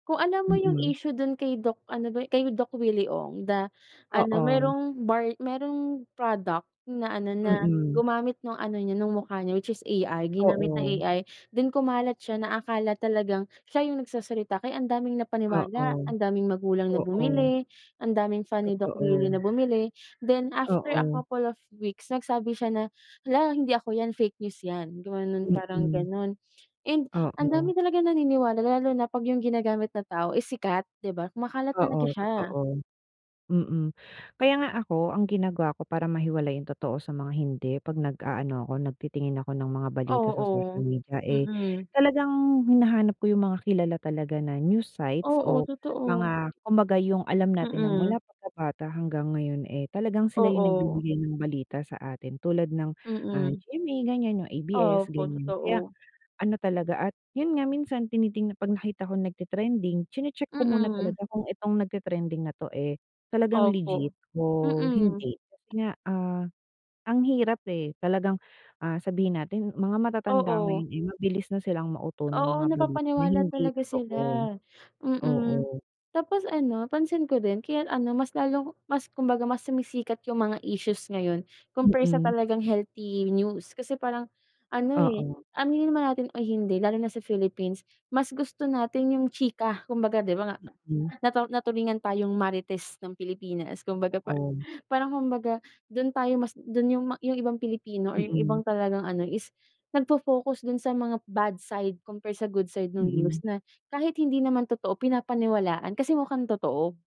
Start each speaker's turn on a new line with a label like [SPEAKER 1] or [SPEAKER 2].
[SPEAKER 1] Kung alam mo yung
[SPEAKER 2] Mm.
[SPEAKER 1] issue dun kay Doc ano ba yun kay Doc Willie Ong da ano
[SPEAKER 2] Oo.
[SPEAKER 1] merong bar merong product na ano na
[SPEAKER 2] Mm.
[SPEAKER 1] gumamit nung ano niya ng mukha niya which is AI Ginamit ng
[SPEAKER 2] Oo.
[SPEAKER 1] AI then kumalat siya na akala talagang siya yung nagsasalita kaya ang daming napaniwala,
[SPEAKER 2] Oo.
[SPEAKER 1] ang daming magulang na
[SPEAKER 2] Oo.
[SPEAKER 1] bumili, ang daming fan ni Doc Willy na
[SPEAKER 2] Totoo.
[SPEAKER 1] bumili then after a
[SPEAKER 2] Oo.
[SPEAKER 1] couple of weeks nagsabi siya na hala hindi ako yan fake news yan gumanon, parang
[SPEAKER 2] Mm.
[SPEAKER 1] ganon. And ang
[SPEAKER 2] Oo.
[SPEAKER 1] dami talagang naniniwala lalo na pag yung ginagamit na tao is sikat di ba kumakalat
[SPEAKER 2] Oo
[SPEAKER 1] talaga siya.
[SPEAKER 2] totoo. Mm. kaya nga ako, ang ginagawa ko para mahiwalay yung totoo sa mga hindi pag nagaano ako, nagtitingin ako ng mga balita sa social
[SPEAKER 1] Oo,
[SPEAKER 2] media eh,
[SPEAKER 1] mm.
[SPEAKER 2] talagang hinahanap ko yung mga kilala talaga na news sites
[SPEAKER 1] Oo
[SPEAKER 2] o
[SPEAKER 1] totoo.
[SPEAKER 2] mga kumbaga yung alam natin na
[SPEAKER 1] Mm.
[SPEAKER 2] mula pagkabata hanggang ngayon, eh, talagang sila yung
[SPEAKER 1] Oo.
[SPEAKER 2] nagbibigay ng balita sa atin. Tulad ng ah,
[SPEAKER 1] Mm.
[SPEAKER 2] GMA ganyan yung ABS
[SPEAKER 1] Opo
[SPEAKER 2] ganyan. Kaya
[SPEAKER 1] totoo.
[SPEAKER 2] ano talaga at yun nga minsan tinitingna pag nakita ko nagte-trending chine-check ko muna
[SPEAKER 1] Mm.
[SPEAKER 2] talaga kung itong nagte-trending na to, eh, talagang legit
[SPEAKER 1] Opo.
[SPEAKER 2] o
[SPEAKER 1] Mm.
[SPEAKER 2] hindi. Kasi nga, ah, ang hirap eh talagang, ah, sabihin natin mga matatanda
[SPEAKER 1] Oo.
[SPEAKER 2] ngayon, eh, mabilis na silang mauto ng
[SPEAKER 1] Oo
[SPEAKER 2] mga balita na
[SPEAKER 1] napapaniwala
[SPEAKER 2] hindi
[SPEAKER 1] talaga
[SPEAKER 2] totoo.
[SPEAKER 1] sila. Mm,
[SPEAKER 2] Oo.
[SPEAKER 1] tapos ano pansin ko rin kaya ano mas lalong mas kumbaga mas sumisikat yung mga issues ngayon compare sa
[SPEAKER 2] Mm.
[SPEAKER 1] talagang healthy news kasi parang, ano, eh,
[SPEAKER 2] Oo.
[SPEAKER 1] aminin naman natin o hindi lalo na sa Philippines mas gusto natin yung chika kumbaga di ba nga
[SPEAKER 2] Mm.
[SPEAKER 1] natu natulingan tayong Marites ng Pilipinas kumbaga pa
[SPEAKER 2] Oo.
[SPEAKER 1] parang kumbaga dun tayo mas dun yung yung ibang Pilipino or yung
[SPEAKER 2] Mm.
[SPEAKER 1] ibang talagang ano is nagfo-focus dun sa mga bad side compare sa good side nung news
[SPEAKER 2] Mm.
[SPEAKER 1] na kahit hindi naman totoo pinapaniwalaan kasi mukhang totoo.